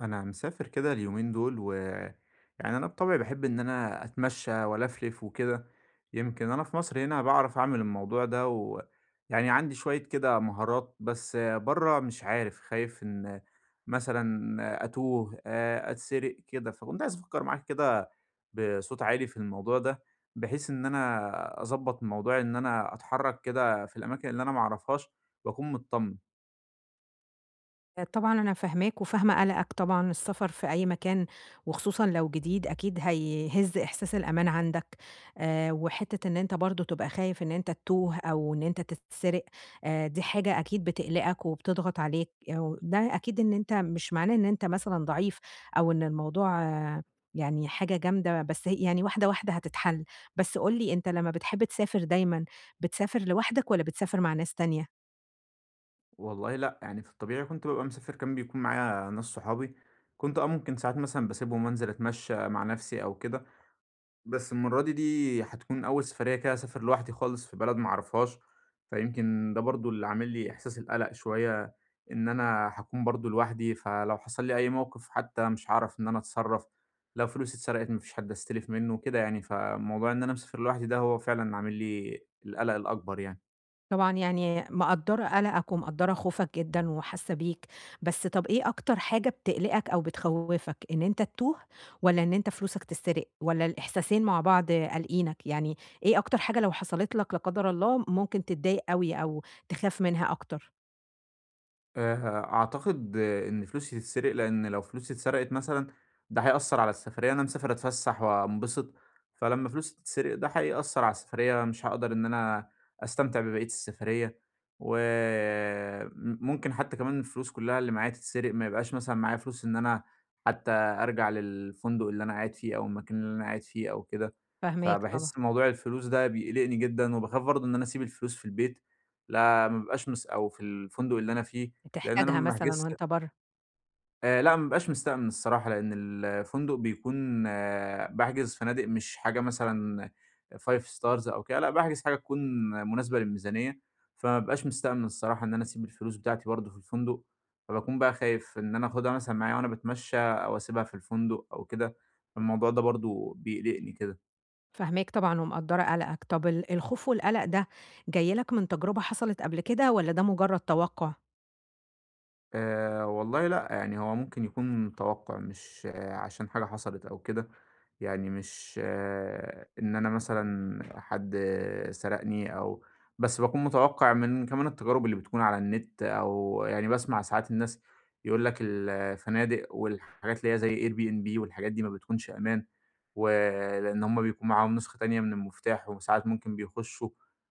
أنا مسافر كده اليومين دول و يعني أنا بِطَبعي باحب إن أنا أتمشّى وألَفْلِف وكده. يمكن أنا في مصر هنا باعرف أعمل الموضوع ده و يعني عندي شوية كده مهارات، بس برّه مش عارف. خايف إن مثلًا أتوه، أ أتسرق كده. فكنت عايز أفكّر معاكِ كده بصوت عالي في الموضوع ده، بحيث إن أنا أضبّط موضوع إن أنا أتحرّك كده في الأماكن اللي أنا ما أعرفهاش وأكون متطمن. طبعًا أنا فاهماك وفاهمة قَلَقَك. طبعًا السفر في أي مكان وخصوصًا لو جديد، أكيد هَيهِز إحساس الأمان عندك. آآ وحتّة إن أنت برضه تبقى خايف إن أنت تتوه أو إن أنت تتسرق، آآ دي حاجة أكيد بتقلِقَك وبتضغط عليك يو ده أكيد إن أنت مش معناه إن أنت مثلًا ضعيف أو إن الموضوع يعني حاجة جامدة، بس ه يعني واحدة، واحدة هتتحَل. بس قُل لي أنت لمّا بتحب تسافر دايمًا بتسافر لوحدك والّا بتسافر مع ناس تانية؟ والله لأ. يعني في الطبيعي كنت بابقى مسافر كان بيكون معايا ناس صحابي. كنت آه ممكن ساعات مثلًا باسيبهم وأنزل أتمشّى مع نفسي أو كده. بس المرّة دي، دي هتكون أول سفرية كده أسافر لوحدي خالص في بلد ما أعرفهاش. فيمكن ده برضه اللي عامل لي إحساس القَلَق شوية إن أنا هاكون برضه لوحدي فلو حصل لي أي موقف حتّى مش هاعرف إن أنا أتصرّف، لو فلوسي اتسرقِت ما فيش حد أستلف منّه وكده يعني. فموضوع إن أنا مسافر لوحدي ده هو فعلًا عامل لي القَلَق الأكبر يعني. طبعًا يعني مقدّرة قلقَك ومقدّرة خوفك جدًا وحاسّه بيك، بس طب إيه أكتر حاجة بتقلقك أو بتخَوّفك، إن أنت تتوه والّا إن أنت فلوسك تتسرق، والّا الإحساسين مع بعض قالقينك؟ يعني إيه أكتر حاجة لو حصلت لك لا قدر الله ممكن تتضايق أوي، أو تخاف منها أكتر؟ آآ، ه أعتقد إن فلوسي تتسرق لإن لو فلوسي اتسرقت مثلًا ده هيأثّر على السفرية، أنا مسافر أتفسّح وانبسط فلمّا فلوسي تتسرق ده هيأثّر على السفرية، مش هاقدر إن أنا أستمتع ببقية السفرية، وم ممكن حتّى كمان الفلوس كلّها اللي معايا تتسرق، ما يبقاش مثلًا معايا فلوس إن أنا حتّى أرجع للفندق اللي أنا قاعد فيه أو المكان اللي أنا قاعد فيه أو كده، فاهماك طبعًا. فباحس موضوع الفلوس ده بيقلقني جدًا وباخاف برضه إن أنا أسيب الفلوس في البيت، لا ما بيبقاش مس أو في الفندق اللي أنا فيه، لإن أنا تحتاجها ما مثلًا باحجزش وأنت برّه. آآ لأ ما بابقاش مستأمن الصراحة، لإن الفندق بيكون باحجز فنادق مش حاجة مثلًا 5 Stars أو كده، لأ باحجز حاجة تكون مناسبة للميزانية، فما بابقاش مستأمن الصراحة إن أنا أسيب الفلوس بتاعتي برضه في الفندق، فباكون بقى خايف إن أنا آخدها مثلًا معايا وأنا باتمشى أو أسيبها في الفندق أو كده، الموضوع ده برضه بيقلقني كده. فاهماك طبعًا ومقدرة قلقك. طب، ال الخوف والقلق ده جاي لك من تجربة حصلت قبل كده، والّا ده مجرد توقع؟ آآ، والله لأ، يعني هو ممكن يكون توقع مش عشان حاجة حصلت أو كده. يعني مش آآ، إن أنا مثلًا حد سرقني أو بس باكون متوقع من كمان التجارب اللي بتكون على النت، أو يعني باسمع ساعات الناس يقول لك الفنادق والحاجات اللي هي زي Airbnb والحاجات دي ما بتكونش أمان، ولإن هم بيكون معاهم نسخة تانية من المفتاح وساعات ممكن بيخشوا،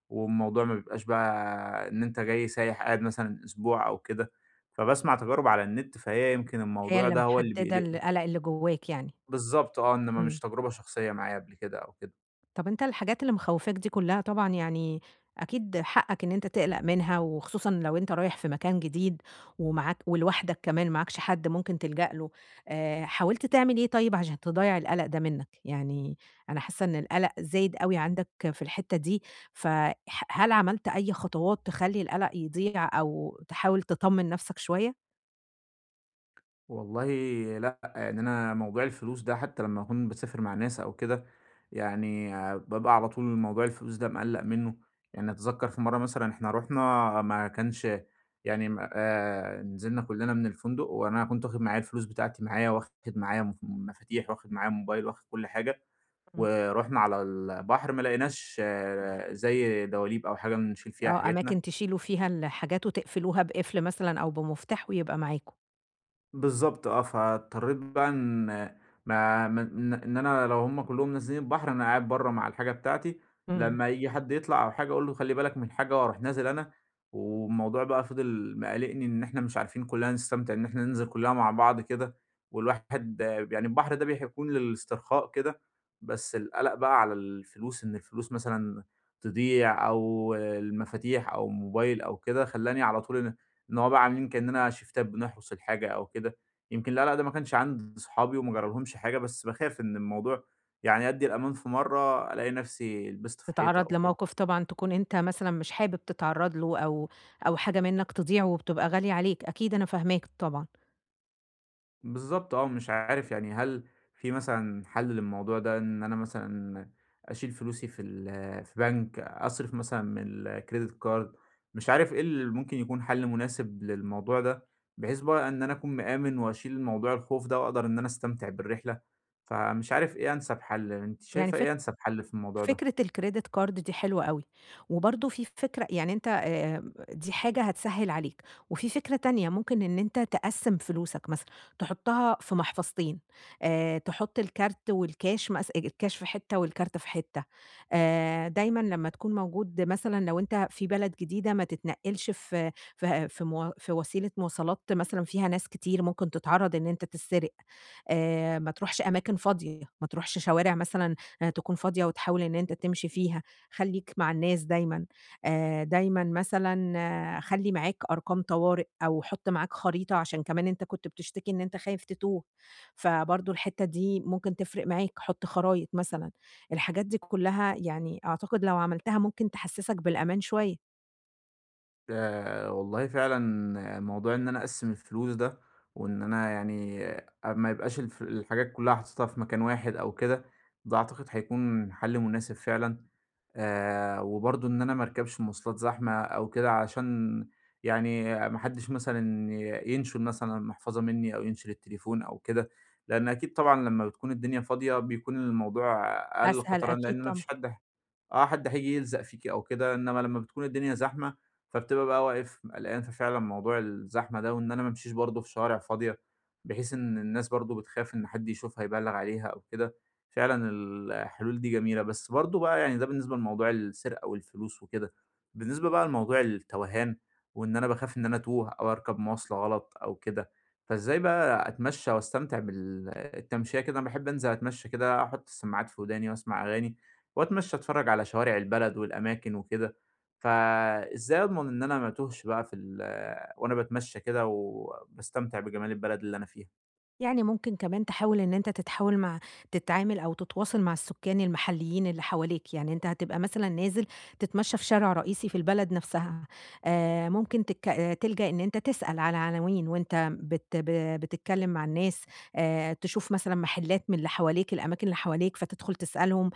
والموضوع ما بيبقاش بقى إن أنتَ جاي سايح قاعد مثلًا أسبوع أو كده. فباسمع تجارب على النت، فهي يمكن هي الموضوع اللي ده هو اللي محددة بيقلقني القلق اللي جواك يعني. بالضبط، آه. إنما مش امم. تجربة شخصية معايّا قبل كده أو كده. طب، أنتَ الحاجات اللي مخوفاك دي كلها طبعًا يعني، أكيد حقك إن أنتَ تقلق منها، وخصوصًا لو أنتَ رايح في مكان جديد ومعاك ولوحدك كمان معاكش حد ممكن تلجأ له. آآ، حاولت تعمل إيه طيب، عشان تضيع القلق ده منك؟ يعني أنا حاسة إن القلق زايد أوي عندك في الحتة دي، ف ح هل عملت أي خطوات تخلي القلق يضيع أو تحاول تطمن نفسك شوية؟ والله لأ. يعني أنا موضوع الفلوس ده حتّى لمّا أكون باسافر مع ناس أو كده، يعني بابقى على طول موضوع الفلوس ده مقلَّق منّه. يعني أتذكَّر في مرّة مثلًا إحنا رُحنا ما كانش يعني م أ نزلنا كُلّنا من الفندق وأنا كنت واخد معايا الفلوس بتاعتي معايا واخد معايا م مفاتيح، واخد معايا موبايل، واخد كل حاجة. إمم. ورُحنا على البحر ما لقيناش زي دَواليب أو حاجة نشيل فيها آه. حاجاتنا. أماكن تشيلوا فيها الحاجات وتقفلوها بقِفل مثلًا أو بمفتاح ويبقى معاكم. بالضبط آه. فاضطريت بقى إن ما من إن أنا لو هم كُلّهم نازلين البحر أنا قاعد برّه مع الحاجة بتاعتي إمم. لمّا ييجي حد يطلع أو حاجة أقول له خلِّ بالك من الحاجة وأروح نازل أنا. والموضوع بقى فِضل مقلّقني إن إحنا مش عارفين كُلّنا نستمتع إن إحنا ننزل كُلّنا مع بعض كده. والواحد يعني البحر ده بح بيكون للإسترخاء كده، بس القَلَق بقى على الفلوس إن الفلوس مثلًا تضيع أو المفاتيح أو الموبايل أو كده، خلّاني على طول إن إن هو بقى عاملين كإنّنا شيفتات بنحرُس الحاجة أو كده. يمكن القَلَق ده ما كانش عند اصحابي وما جرالهمش حاجة، بس باخاف إن الموضوع يعني أدّي الأمان في مرّة ألاقي نفسي آآ لِبست في حيطة تتعرّض أو كده. لموقف طبعًا تكون أنت مثلًا مش حابب تتعرّض له أو أو حاجة منّك تضيع وبتبقى غالية عليك. أكيد أنا فاهماك طبعًا. بالضبط، آه. مش عارف يعني هل في مثلًا حل للموضوع ده إن أنا مثلًا أشيل فلوسي في ال في بنك؟ أصرف مثلًا من الكريديت كارد؟ مش عارف إيه اللي ممكن يكون حل مناسب للموضوع ده بحيث إن أنا أكون مآمن وأشيل الموضوع الخوف ده، وأقدر إن أنا أستمتع بالرحلة. فمش عارف إيه أنسب حل. أنتِ يعني شايفة فك إيه أنسب حل في الموضوع ده؟ فكرة الكريديت كارد دي حلوة أوي. وبرضو في فكرة يعني أنت آآ، دي حاجة هتسهل عليك وفي فكرة تانية، ممكن إن أنت تقسم فلوسك مثلًا، تحطها في محفظتين آآ، تحط الكارت والكاش مث الكاش في حتة والكارت في حتة آآ، دايمًا لما تكون موجود مثلًا لو أنت في بلد جديدة ما تتنقلش في في في م في وسيلة مواصلات مثلًا فيها ناس كتير، ممكن تتعرض إن أنت تسرق آآ، ما تروحش أماكن فاضية، ما تروحش شوارع مثلًا تكون فاضية وتحاول إن أنت تمشي فيها، خلّيك مع الناس دايمًا. آآ، دايمًا مثلًا خلّي معاك أرقام طوارئ أو حط معاك خريطة عشان كمان أنت كنت بتشتكي إن أنت خايف تتوه. فبرضه الحتة دي ممكن تفرق معاك، حط خرايط مثلًا، الحاجات دي كلها يعني أعتقد لو عملتها ممكن تحسسك بالأمان شوية. ده والله فعلًا موضوع إن أنا أقسّم الفلوس ده وإن أنا يعني أ ما يبقاش الف الحاجات كُلّها حاططها في مكان واحد أو كده، ده أعتقد هيكون حَل مناسب فعلًا. آآ، وبرضه إن أنا ما أركبش مواصلات زحمة أو كده، عشان يعني ما حدّش مثلًا ي ينشُل مثلًا المحفظة منّي أو ينشُل التليفون أو كده. لإن أكيد طبعًا لمّا بتكون الدنيا فاضية، بيكون الموضوع أقل أسهل خطرًا لإن أكيد أنا ما طبعًا. فيش حد آه، حد هييجي يلزق فيكِ أو كده، إنمّا لمّا بتكون الدنيا زحمة، فبتبقى بقى واقف م قَلقان، ففعلًا موضوع الزحمة ده وإن أنا ما أمشيش برضه في شارع فاضية، بحيث إن الناس برضه بتخاف إن حد يشوفها يبلّغ عليها أو كده، فعلًا ال الحلول دي جميلة. بس برضه بقى يعني ده بالنسبة لموضوع السرقة والفلوس وكده، بالنسبة بقى لموضوع التَوَهان وإن أنا باخاف إن أنا أتوه أو أركب مواصلة غلط أو كده، فإزاي بقى أتمشّى وأستمتع بال التمشية كده؟ أنا باحب أنزل أتمشّى كده آحُط السماعات في وداني وأسمع أغاني، وأتمشّى، أتفرّج على شوارع البلد والأماكن وكده. فإزاي أضمن إن أنا ما أتوهش بقى في ال وأنا باتمشّى كده و وباستمتع بجمال البلد اللي أنا فيها؟ يعني ممكن كمان تحاول إن أنت تتحاول مع تتعامل أو تتواصل مع السكان المحلّيين اللي حواليك، يعني أنت هتبقى مثلًا نازل تتمشى في شارع رئيسي في البلد نفْسها، آآ ممكن تك تلجأ إن أنت تسأل على عناوين، وأنت بت بتتكلّم مع الناس، آآ تشوف مثلًا محلّات من اللي حواليك الأماكن اللي حواليك فتدخل تسألهم،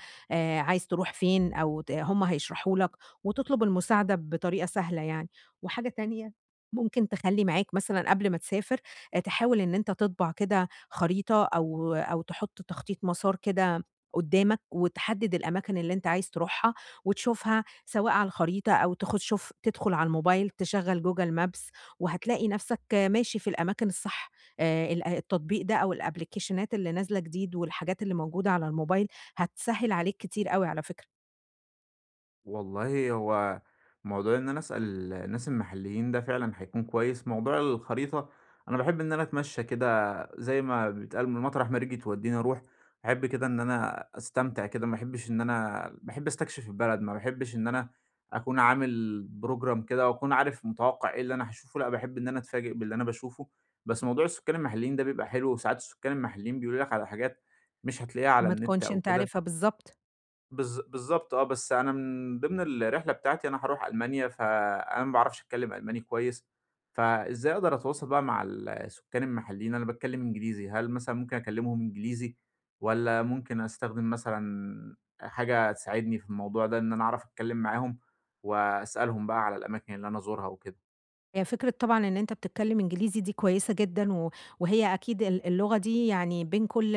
عايز تروح فين؟ أو ت هُم هيشرحوا لك وتطلب المساعدة بطريقة سهلة يعني، وحاجة تانية ممكن تخلّي معاك مثلًا قبل ما تسافر تحاول إن أنت تطبع كده خريطة، أو أو تحط تخطيط مسار كده قدّامك، وتحدّد الأماكن اللي أنت عايز تروحها، وتشوفها سواء على الخريطة أو تخ شوف تدخل على الموبايل تشغّل google maps وهتلاقي نفْسك ماشي في الأماكن الصح، آآ ال التطبيق ده أو الأبليكيشنات اللي نازلة جديد والحاجات اللي موجودة على الموبايل، هتسهِّل عليك كتير أوي على فكرة. والله هو موضوع إن أنا أسأل الناس المحليين ده فعلًا هيكون كويس، موضوع الخريطة أنا باحب إن أنا أتمشّى كده زي ما بيتقال، م مطرح ما رجلي تودّيني أروح، أحب كده إن أنا أستمتع كده ما أحبش إن أنا باحب أستكشف البلد ما باحبش إن أنا أكون عامل program كده، وأكون عارف متوقِّع إيه اللي أنا هاشوفه لأ، باحب إن أنا أتفاجئ باللي أنا باشوفه، بس موضوع السُكّان المحلّيين ده بيبقى حلو وساعات السُكّان المحلّيين بيقولوا لك على حاجات، مش هتلاقيها على ما النت تكونش أو أنت كده. عارفها بالضبط. بالض بالضبط آه، بس أنا من ضمن الرحلة بتاعتي أنا هاروح ألمانيا، فأنا ما باعرفش أتكلّم ألماني كويّس، فإزاي أقدر أتواصل بقى مع ال السكان المحلّيين؟ أنا باتكلّم إنجليزي، هل مثلًا ممكن أكلّمهم إنجليزي، والّا ممكن أستخدم مثلًا حاجة تساعدني في الموضوع ده إن أنا أعرف أتكلّم معاهم، وأسألهم بقى على الأماكن اللي أنا أزورها وكده؟ هي فكرة طبعًا إن أنتَ بتتكلّم إنجليزي دي كويّسة جدًا، و وهي أكيد ال اللغة دي يعني بين كلّ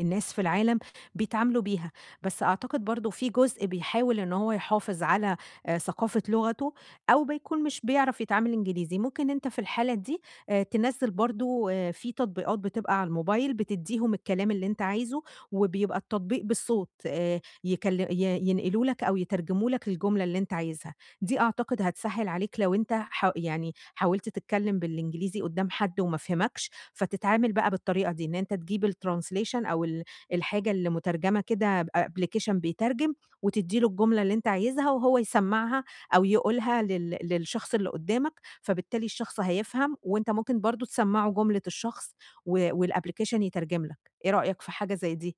الناس في العالم بيتعاملوا بيها، بس أعتقد برضو في جزء بيحاول إن هو يحافظ على ثقافة لغته، أو بيكون مش بيعرف يتعامل إنجليزي، ممكن أنتَ في الحالة دي تنَزِّل برضو في تطبيقات بتبقى على الموبايل بتدّيهم الكلام اللي أنتَ عايزه، وبيبقى التطبيق بالصوت آآ، يكل ي ينقلوا لك أو يترجموا لك الجملة اللي أنتَ عايزها، دي أعتقد هتسهِّل عليك لو أنتَ ح يعني حاولت تتكلّم بالإنجليزي قدّام حد وما فهمكش، فتتعامل بقى بالطريقة دي، إن أنتَ تجيب الtranslation أو ال الحاجة اللي مترجمة كده بapplication بيترجم، وتدّي له الجملة اللي أنتَ عايزها، وهو يسمّعها أو يقولها لل للشخص اللي قدّامك، فبالتالي الشخص هيفهم، وأنتَ ممكن برضو تسمّعه جملة الشخص و والapplication يترجم لك، إيه رأيك في حاجة زي دي؟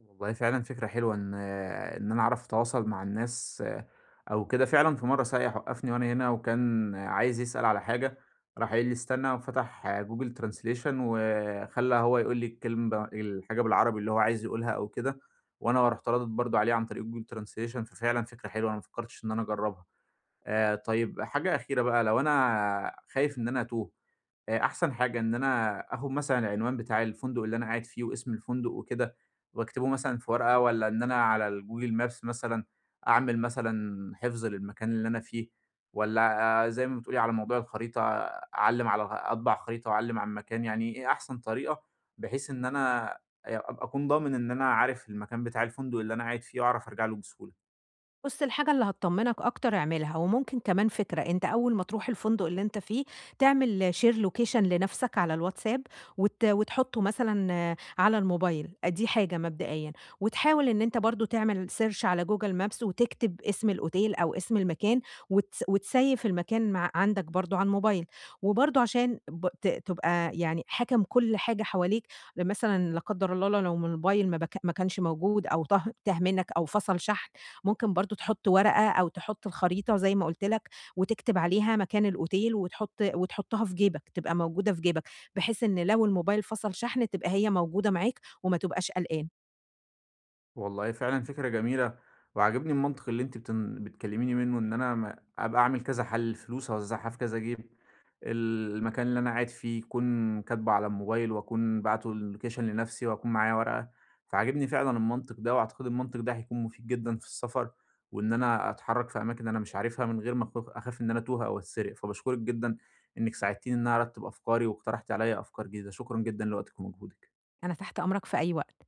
الموبايل فعلًا فكرة حلوة إن إن أنا أعرف أتواصل مع الناس أو كده، فعلًا في مَرّة سائح وقّفني وأنا هنا وكان عايز يسأل على حاجة، راح قايل لي: "استنى." وفَتح Google translation وخلّى هو يقول لي الكلمة الحاجة بالعربي اللي هو عايز يقولها أو كده، وأنا رُحت رادد برضه عليه عن طريق Google Translation، ففعلًا فكرة حلوة أنا ما فكّرتش إن أنا أجرّبها. آآ طيب حاجة أخيرة بقى لو أنا خايف إن أنا أتوه، آآ، أحسن حاجة إن أنا آخد مثلًا العنوان بتاع الفندق اللي أنا قاعد فيه واسم الفندق وكده وأكتبه مثلًا في ورقة، والَّا إن أنا على الgoogle Maps مثلًا، أعمل مثلًا حفظ للمكان اللي أنا فيه، والّا آآ زي ما بتقولي، على موضوع الخريطة أعلّم على أطبع الخريطة وأعلّم على المكان يعني إيه أحسن طريقة، بحيث إن أنا أ أبقى أكون ضامن إن أنا عارف المكان بتاع الفندق اللي أنا قاعد فيه وأعرف أرجع له بسهولة؟ بُص الحاجة اللي هتطمّنك أكتر أعملها، وممكن كمان فكرة أنت أول ما تروح الفندق اللي أنت فيه، تعمل Share location لنفْسك على الwhatsapp، وت وتحطه مثلًا على الموبايل، أ دي حاجة مبدئيًا، وتحاول إن أنت برضه تعمل search على google Maps وتكتب اسم الأوتيل أو اسم المكان، وت وتسَيِّف المكان م عندك برضه على الموبايل، وبرضه عشان ب ت تبقى يعني حاكم كلّ حاجة حواليك، لو مثلًا لا قدر الله ل لو الموبايل ما بك ما كانش موجود أو طه تاه منك أو فصل شحن، ممكن برضه تحط ورقة أو تحط الخريطة زي ما قُلت لك، وتكتب عليها مكان الأوتيل وتحط وتحطها في جيبك، تبقى موجودة في جيبك، بحيث إن لو الموبايل فصل شحن تبقى هي موجودة معاك وما تبقاش قلقان. والله فعلًا فكرة جميلة، وعاجبني المنطق اللي أنتِ بتن بتكلّميني منه إن أنا م أبقى أعمل كذا حل، الفلوس أوزّعها في كذا جيب، ال المكان اللي أنا قاعد فيه يكون كاتبه على الموبايل وأكون باعته اللوكيشن لنفْسي وأكون معايا ورقة، فعاجبني فعلًا المنطق ده وأعتقد المنطق ده هيكون مفيد جدًا في السفَر، وإن أنا أتحرك في أماكن أنا مش عارفها من غير ما أك أخاف إن أنا أتوه أو أتسرق، فباشكرِك جدًا إنِك ساعدتيني إن أنا أرتِّب أفكاري واقترحتِ عليّا أفكار جديدة، شكرًا جدًا لوقتِك ومجهودِك. أنا تحت أمرك في أي وقت.